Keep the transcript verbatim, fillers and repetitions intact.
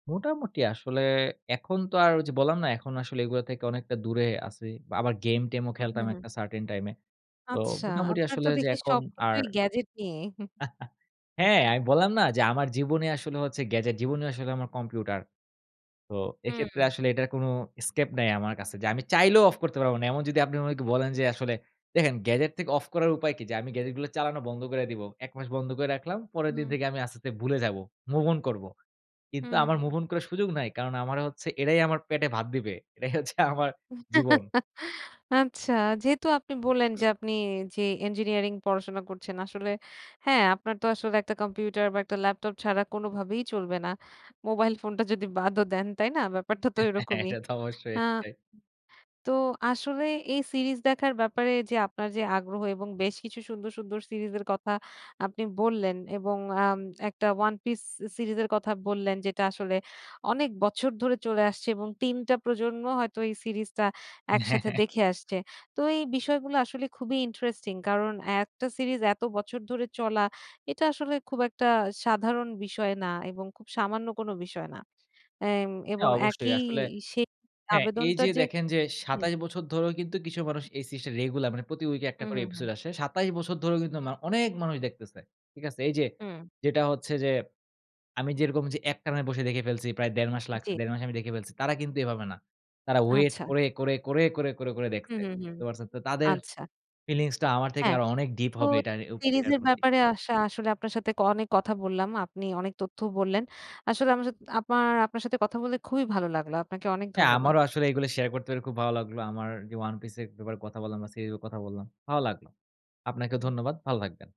মোটামুটি আসলে এখন তো আর ওই যে বললাম না? এখন আসলে এগুলো থেকে অনেকটা দূরে আছি। বা আবার গেম টেমও হু, হু, খেলতাম হু। একটা certain time এ। তো আচ্ছা মোটামুটি আপনার আসলে তো যে দেখি এখন আর সবকিছুই গ্যাজেট নিয়ে। হু, হ্যাঁ, হু। আমি বললাম না? যে আমার জীবনই আসলে হচ্ছে গ্যাজেট, জীবনই আসলে আমার কম্পিউটার। তো এক্ষেত্রে হুম। আসলে এটার কোন escape নাই আমার কাছে। যে আমি চাইলেও অফ করতে পারব না। এমন যদি আপনি আমাকে বলেন যে আসলে দেখেন গ্যাজেট থেকে অফ করার উপায় কি? যে আমি গ্যাজেট গুলো চালানো বন্ধ কইরা দিবো। এক মাস বন্ধ করে রাখলাম, পরের দিন হুম। থেকে আমি আস্তে, আস্তে ভুলে যাব। মুভ অন করব। হু, কিন্তু হু, আমার হু। মুভ অন করার সুযোগ নাই। কারণ আমারে হচ্ছে এরাই আমার পেটে ভাত দিবে। এরাই হচ্ছে আমার জীবন। আচ্ছা। যেহেতু আপনি বললেন যে আপনি জি ইঞ্জিনিয়ারিং পড়াশোনা করছেন। আসলে হ্যাঁ, আপনার তো আসলে একটা কম্পিউটার বা একটা ল্যাপটপ ছাড়া কোনভাবেই চলবে না। মোবাইল ফোনটা যদি বাদও দেন। তাই না? ব্যাপারটা তো এরকমই। এটা তো অবশ্যই আ সেটাই। তো আসলে এই সিরিজ দেখার ব্যাপারে যে আপনার যে আগ্রহ এবং বেশ কিছু সুন্দর, সুন্দর সিরিজ এর কথা আপনি বললেন। এবং আম একটা One Piece সিরিজ এর কথা বললেন, যেটা আসলে অনেক বছর ধরে চলে আসছে। এবং তিন টা প্রজন্ম হয়তো এই সিরিজ টা হ্যাঁ, একসাথে হ্যাঁ। দেখে আসছে। তো এই বিষয়গুলো আসলে খুবই ইন্টারেস্টিং। কারণ এ একটা সিরিজ এত বছর ধরে চলা, এটা আসলে খুব একটা সাধারণ বিষয় না এবং খুব সামান্য কোন বিষয় না। অ্যা এবং হ্যাঁ অবশ্যই একই আসলে সেই হ্যাঁ এই আবেদনটা যে যে দেখেন যে হুম। সাতাশ বছর ধরেও কিন্তু কিছু মানুষ এই সিজ টা রেগুলার মানে প্রতি উইকে হু, একটা করে হু, episode হু। আসে। সাতাশ বছর ধরেও কিন্তু মা অনেক মানুষ দেখতেছে, ঠিক আছে? এই যে হুম। যেটা হচ্ছে যে আমি যেরকম যে একটানে বসে দেখে ফেলছি প্রায় দেড় মাস লাগছে, জ্বী। দেড় মাসে আমি দেখে ফেলছি, তারা কিন্তু এভাবে না। তারা ওয়েট আচ্ছা। করে, করে, করে, করে, করে, করে হু, দেখছে। হু, হু। তে পারছেন? তো তাদের আচ্ছা। ফিলিংস টা আমার থেকে হ্যাঁ। আরো অনেক ডিপ তো হবে এটা উ সিরিজ এটার এর প্রতি। ব্যাপারে আসা আসলে আপনার সাথে ক অনেক কথা বললাম, আপনি অনেক তথ্য বললেন। আসলে আমার সাথ আপার আপনার সাথে কথা বলে খুবই ভালো লাগলো। আপনাকে অনেক হ্যাঁ ধন্যবাদ। আমারও আসলে এগুলো শেয়ার করতে পেরে খুব ভালো লাগলো। আমার যে 'One Piece' এর ব্যাপারে কথা বললাম বা সিরিজ অ কথা বললাম, ভালো লাগলো। আপনাকেও হুম। ধন্যবাদ ভালো থাকবেন।